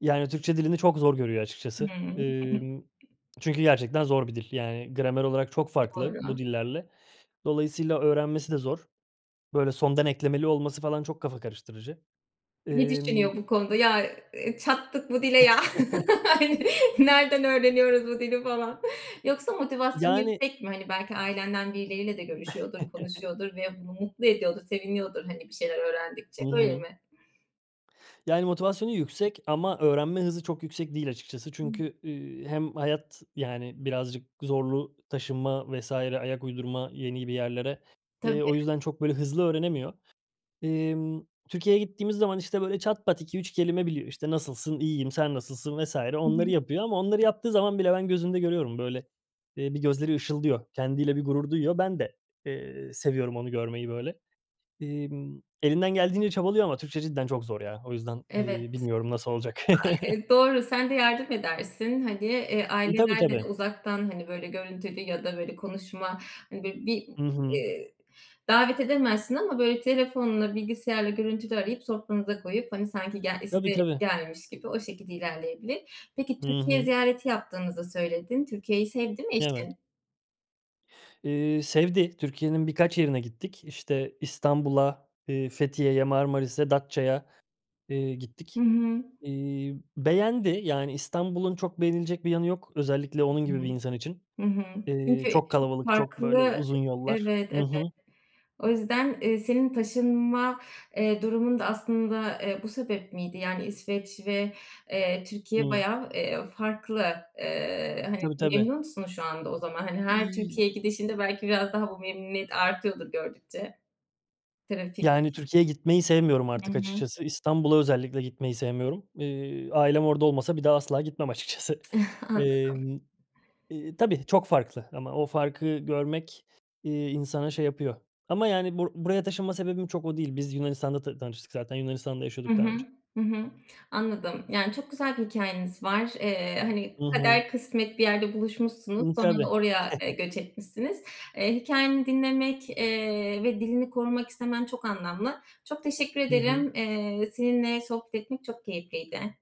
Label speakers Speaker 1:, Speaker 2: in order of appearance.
Speaker 1: Yani, Türkçe dilini çok zor görüyor açıkçası.
Speaker 2: Ne?
Speaker 1: Imm, çünkü gerçekten zor bir dil. Yani gramer olarak çok farklı bu
Speaker 2: Doğru.
Speaker 1: dillerle. Dolayısıyla öğrenmesi de zor. Böyle, sondan eklemeli olması falan çok kafa karıştırıcı.
Speaker 2: Ne
Speaker 1: Emm
Speaker 2: düşünüyor bu konuda? Ya, eee, "Çattık bu dile ya! Hani, nereden öğreniyoruz bu dili!" falan. Yoksa motivasyonu
Speaker 1: Yani
Speaker 2: yüksek mi? Hani, belki ailenden birileriyle de görüşüyordur, konuşuyordur ve bunu mutlu ediyordur, seviniyordur, hani, bir şeyler öğrendikçe.
Speaker 1: Hı
Speaker 2: Öyle
Speaker 1: hı.
Speaker 2: mi?
Speaker 1: Yani motivasyonu yüksek ama öğrenme hızı çok yüksek değil açıkçası
Speaker 2: Hıı.
Speaker 1: çünkü, ııı, hem hayat, yani, birazcık zorlu taşınma vs. ayak uydurma yeni bir yerlere, eee,
Speaker 2: Tabii.
Speaker 1: o yüzden çok, böyle, hızlı öğrenemiyor. Emm, Türkiye'ye gittiğimiz zaman, işte, böyle çat pat 2 3 kelime biliyor. İşte, "Nasılsın? İyiyim, sen nasılsın?" vs.
Speaker 2: Hı
Speaker 1: onları
Speaker 2: hı.
Speaker 1: yapıyor ama onları yaptığı zaman bile ben gözünde görüyorum, böyle, eee, bir gözleri ışıldıyor. Kendiyle bir gurur duyuyor. Ben de, eee, seviyorum onu görmeyi böyle. Emm, elinden geldiğince çabalıyor ama Türkçe cidden çok zor ya. O yüzden, eee,
Speaker 2: Evet.
Speaker 1: bilmiyorum, nasıl olacak.
Speaker 2: A eee, doğru. Sen de yardım edersin. Hani, eee,
Speaker 1: Iıı, tabii,
Speaker 2: ailelerle de
Speaker 1: tabii.
Speaker 2: uzaktan, hani, böyle, görüntülü ya da, böyle, konuşma, hani, böyle, bir
Speaker 1: Hı hı.
Speaker 2: iii, davet edemezsin ama, böyle, telefonla bilgisayarla görüntülü arayıp sofranıza koyup, hani, sanki ge
Speaker 1: Tabii,
Speaker 2: size
Speaker 1: tabii.
Speaker 2: gelmiş gibi o şekilde ilerleyebilir. Peki,
Speaker 1: Hı
Speaker 2: Türkiye
Speaker 1: hı.
Speaker 2: ziyareti yaptığınızı söyledin. Türkiye'yi sevdi mi
Speaker 1: Evet.
Speaker 2: eşin?
Speaker 1: Iıı, sevdi, Türkiye'nin birkaç yerine gittik. İşte, İstanbul'a, eee, Fethiye'ye, Marmaris'e, Datça'ya, eee,
Speaker 2: Hı
Speaker 1: gittik.
Speaker 2: hı.
Speaker 1: Iıı, beğendi. Yani İstanbul'un çok beğenilecek bir yanı yok. Özellikle onun gibi bir
Speaker 2: Hıı.
Speaker 1: insan için.
Speaker 2: Hı hı.
Speaker 1: İii,
Speaker 2: Çünkü
Speaker 1: çok
Speaker 2: çok
Speaker 1: kalabalık, çok, böyle,
Speaker 2: farklı
Speaker 1: uzun yollar
Speaker 2: Evet,
Speaker 1: Hı
Speaker 2: evet.
Speaker 1: hı.
Speaker 2: O yüzden, eee, senin taşınma, eee, durumun da aslında, eee, bu sebep miydi? Yani, İsveç ve, eee, Türkiye
Speaker 1: Hıı.
Speaker 2: bayağı, eee, farklı. Eee, hani,
Speaker 1: Tabii, tabii.
Speaker 2: memnun musun şu anda o zaman? Hani, her
Speaker 1: İii, y
Speaker 2: Türkiye'ye gidişinde belki biraz daha bu memnuniyet artıyordur gördükçe. Trafik
Speaker 1: Yani, Türkiye'ye gitmeyi sevmiyorum
Speaker 2: Hı
Speaker 1: artık
Speaker 2: hı.
Speaker 1: açıkçası. İstanbul'a özellikle gitmeyi sevmiyorum. Iıı, ailem orada olmasa bir daha asla gitmem açıkçası.
Speaker 2: Ih, anladım.
Speaker 1: Emm, eee, tabii çok farklı ama o farkı görmek, eee, insana şey yapıyor. Ama, yani, bur buraya taşınma sebebim çok o değil. Biz Yunanistan'da ta tanıştık zaten. Yunanistan'da
Speaker 2: Hı
Speaker 1: yaşıyorduk
Speaker 2: hı.
Speaker 1: daha önce.
Speaker 2: Hı hı. Anladım. Yani, çok güzel bir hikâyeniz var. Eee, hani,
Speaker 1: Hı hı.
Speaker 2: kader kısmet bir yerde buluşmuşsunuz,
Speaker 1: Imm,
Speaker 2: sonra da
Speaker 1: tabii.
Speaker 2: oraya, eee, göç etmişsiniz. Eee, hikâyeni dinlemek, eee, ve dilini korumak istemen çok anlamlı. Çok teşekkür
Speaker 1: Hı hı.
Speaker 2: ederim. Eee, seninle sohbetim çok keyifliydi.